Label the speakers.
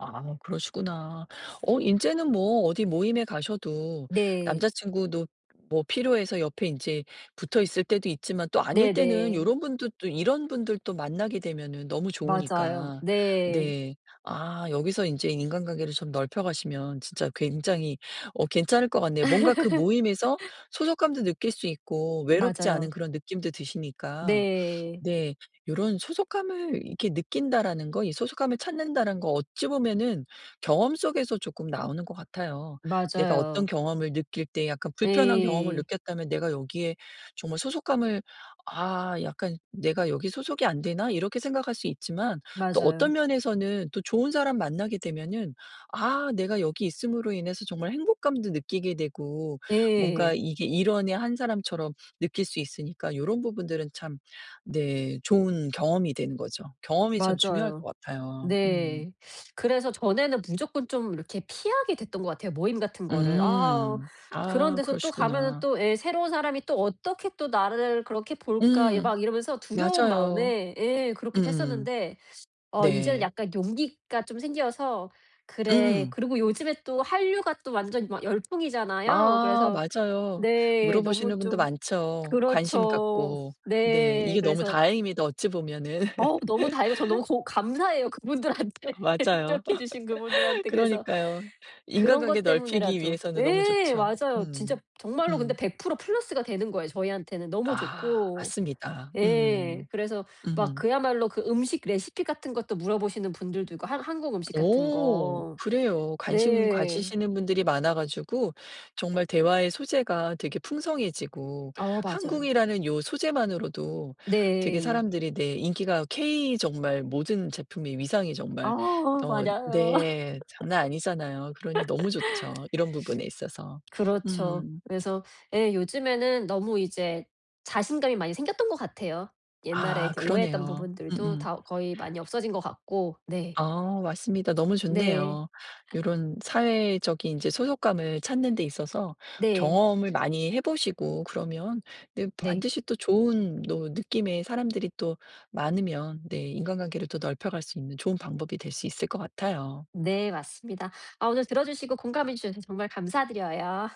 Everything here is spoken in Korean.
Speaker 1: 아 그러시구나. 어 인제는 뭐 어디 모임에 가셔도
Speaker 2: 네.
Speaker 1: 남자친구도 뭐 필요해서 옆에 인제 붙어있을 때도 있지만 또 아닐 때는
Speaker 2: 네네.
Speaker 1: 요런 분들 또 이런 분들도 만나게 되면은 너무
Speaker 2: 맞아요.
Speaker 1: 좋으니까.
Speaker 2: 네.
Speaker 1: 네. 아 여기서 인제 인간관계를 좀 넓혀가시면 진짜 굉장히 어 괜찮을 것 같네요. 뭔가 그 모임에서 소속감도 느낄 수 있고 외롭지
Speaker 2: 맞아요.
Speaker 1: 않은 그런 느낌도 드시니까.
Speaker 2: 네.
Speaker 1: 네. 요런 '소속감을 이렇게 느낀다.'라는 거, 이 '소속감을 찾는다.'라는 거 어찌 보면은 경험 속에서 조금 나오는 것 같아요. 내가 어떤
Speaker 2: 맞아요.
Speaker 1: 경험을 느낄 때 약간 불편한 경험을
Speaker 2: 예.
Speaker 1: 느꼈다면 내가 여기에 정말 소속감을 '아 약간 내가 여기 소속이 안 되나?' 이렇게 생각할 수 있지만 또
Speaker 2: 맞아요.
Speaker 1: 어떤 면에서는 또 좋은 사람 만나게 되면은 '아 내가 여기 있음으로 인해서 정말 행복감도 느끼게 되고 뭔가
Speaker 2: 예.
Speaker 1: 이게 일원의 한 사람처럼 느낄 수 있으니까.' 요런 부분들은 참 네. 좋은 경험이 되는 거죠. 경험이 참 중요할
Speaker 2: 맞아요.
Speaker 1: 것 같아요. 음
Speaker 2: 네. 그래서 전에는 무조건 좀 이렇게 피하게 됐던 것 같아요, 모임 같은 거를. 아
Speaker 1: 음
Speaker 2: 그런
Speaker 1: 아
Speaker 2: 데서 또 가면은
Speaker 1: 그러시구나.
Speaker 2: 또 예. '새로운 사람이 또 어떻게 또 나를 그렇게 볼까?' 예
Speaker 1: 음.
Speaker 2: 막 이러면서 두려운
Speaker 1: 맞아요.
Speaker 2: 마음에 예. 그렇기도
Speaker 1: 음음음.
Speaker 2: 했었는데, 어 이제는
Speaker 1: 네.
Speaker 2: 약간 용기가 좀 생겨서 '그래'
Speaker 1: 음.
Speaker 2: 그리고 요즘에 또 한류가 또 완전 막 열풍이잖아요.
Speaker 1: 아
Speaker 2: 그래서
Speaker 1: 맞아요.
Speaker 2: 네. 너무
Speaker 1: 물어보시는 분도
Speaker 2: 좀
Speaker 1: 많죠. 관심
Speaker 2: 그렇죠.
Speaker 1: 갖고. 네.
Speaker 2: 네.
Speaker 1: 이게 너무
Speaker 2: 그래서
Speaker 1: 다행입니다. 어찌 보면은.
Speaker 2: 어우 너무 다행이고 저 너무 고 감사해요. 그분들한테.
Speaker 1: 맞아요.
Speaker 2: 노력해 주신 그분들한테. 그래서
Speaker 1: 그러니까요.
Speaker 2: 그런
Speaker 1: 인간관계
Speaker 2: 것
Speaker 1: 넓히기
Speaker 2: 때문에라도
Speaker 1: 위해서는 너무
Speaker 2: 예.
Speaker 1: 좋죠.
Speaker 2: 맞아요.
Speaker 1: 음
Speaker 2: 진짜 정말로 근데
Speaker 1: 음.
Speaker 2: 100% 플러스가 되는 거예요, 저희한테는. 너무
Speaker 1: 아
Speaker 2: 좋고.
Speaker 1: 맞습니다.
Speaker 2: 예.
Speaker 1: 음.
Speaker 2: 그래서 막
Speaker 1: 으음.
Speaker 2: 그야말로 그 음식 레시피 같은 것도 물어보시는 분들도 있고 하 한국 음식 같은
Speaker 1: 오
Speaker 2: 거.
Speaker 1: 그래요. 관심
Speaker 2: 네.
Speaker 1: 가지시는 분들이 많아 가지고 정말 대화의 소재가 되게 풍성해지고
Speaker 2: 어 맞아요.
Speaker 1: 한국이라는 요 소재만으로도 되게
Speaker 2: 네.
Speaker 1: 사람들이 내 인기가 케이 정말 모든 제품의 위상이
Speaker 2: 아
Speaker 1: 정말 어
Speaker 2: 맞아요.
Speaker 1: 네. 장난 아니잖아요. 그러니 너무 좋죠. 이런 부분에 있어서.
Speaker 2: 그렇죠.
Speaker 1: 음
Speaker 2: 그래서 예. 요즘에는 너무 이제 자신감이 많이 생겼던 것 같아요. 옛날에
Speaker 1: 아
Speaker 2: 이렇게 오해했던
Speaker 1: 그러네요. 음
Speaker 2: 부분들도
Speaker 1: 음.
Speaker 2: 다 거의 많이 없어진 것 같고. 네.
Speaker 1: 아 맞습니다. 너무
Speaker 2: 네.
Speaker 1: 좋네요. 요런 사회적인 이제 소속감을 찾는 데 있어서
Speaker 2: 네.
Speaker 1: 경험을 많이 해 보시고 그러면 네,
Speaker 2: 네
Speaker 1: 반드시 또 좋은 노 느낌의 사람들이 또 많으면 네, 인간관계를 더 넓혀 갈 수 있는 좋은 방법이 될 수 있을 것 같아요.
Speaker 2: 네. 맞습니다. 아 오늘 들어 주시고 공감해 주셔서 정말 감사드려요.